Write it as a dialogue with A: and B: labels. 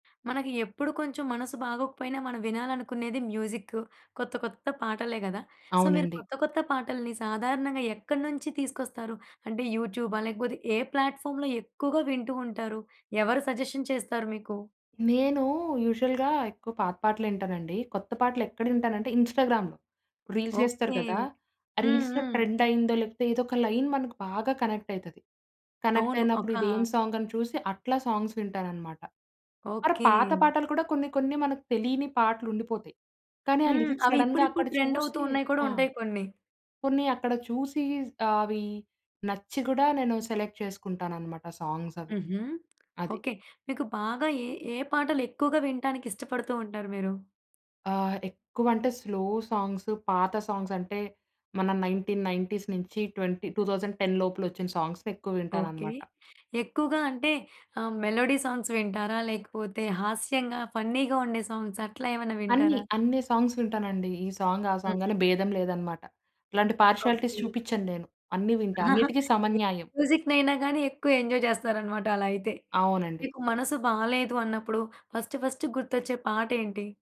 A: మనకి ఎప్పుడు కొంచెం మనసు బాగోకపోయినా, మనం వినాలనుకునేది మ్యూజిక్కు, కొత్త కొత్త పాటలే గదా! సో, మీరు
B: అవునండి.
A: కొత్త కొత్త పాటల్ని, సాధారణంగా ఎక్కడి నుంచి తీసుకొస్తారు? అంటే యూట్యూబా? లేకపోతే ఏ ప్లాట్ఫార్మ్‌లో ఎక్కువగా వింటూ ఉంటారు? ఎవరు సజెషన్ చేస్తారు మీకు?
B: నేనూ యూజువల్‌గా ఎక్కువ పాత పాటలింటానండి. కొత్త పాటలు ఎక్కడ వింటానంటే, ఇన్‌స్టాగ్రామ్‌లో. రీల్స్ జేస్తరు
A: ఓకే.
B: గదా! ఆ
A: హ్మ్.
B: రీల్స్‌లో
A: హ్మ్.
B: ట్రెండయిందో, లేపోతే ఏదోక లైన్ మనకు బాగా కనెక్టయితది.
A: అవును.
B: కనెక్టయినప్పుడు
A: ఒకా
B: ఇదెం సాంగని చూసి, అట్లా సాంగ్స్ వింటాననమాట. మరా
A: ఓకే.
B: పాత పాటలు కూడా, కొన్ని కొన్ని మనకు తెలియని పాటలుండిపోతాయి. కానీ, ఆ
A: హ్మ్.
B: లిరిక్
A: అవి
B: సడెన్‌గా
A: ఇప్పుడిప్పుడు
B: అక్కడ
A: ట్రెండవుతు
B: చూసి
A: ఉన్నాయి కూడా
B: ఆ!
A: ఉంటాయి కొన్ని.
B: కొన్ని అక్కడ చూసి, ఆవి నచ్చి కూడా, నేను సెలెక్ట్ చేసుకుంటాననమాట సాంగ్సవి.
A: హుహు.
B: అది.
A: ఓకే. మీకు బాగా ఏ, ఏ పాటలు ఎక్కువగా వింటానికి ఇష్టపడుతూ ఉంటారు మీరు?
B: ఆ! ఎక్కువంటే స్లో సాంగ్స్ పాత సాంగ్సంటే, మన 1990 నుంచి ట్వెంటీ 2010 లోపులొచ్చిన సాంగ్స్‌నెక్కువ
A: ఓకే.
B: వింటాననమాట.
A: ఎక్కువగా అంటే, ఆహ్, మెలోడీ సాంగ్స్ వింటారా? లేకపోతే హాస్యంగా, ఫన్నీగా ఉండే సాంగ్స్ అట్లా ఏమన్నా
B: అన్నీ,
A: వింటారా?
B: అన్ని సాంగ్స్ వింటానండి. ఈ సాంగ్ ఆ సాంగని
A: హూహూ.
B: భేదం లేదనమాట. ఇలాంటి పార్షియాలిటీస్
A: ఓకే.
B: చూపిచ్చను నేను. అన్నీ వింటా. అన్నిటికీ
A: ఏ
B: సమన్యాయం.
A: మ్యూజిక్ నైనా గాని, ఎక్కువ ఎంజాయ్ జేస్తారనమాట, అలా అయితే.
B: అవునండి.
A: మీకు మనసు బాలేదు అన్నప్పుడు, ఫస్ట్ ఫస్ట్ గుర్తొచ్చే పాటేం‌టి?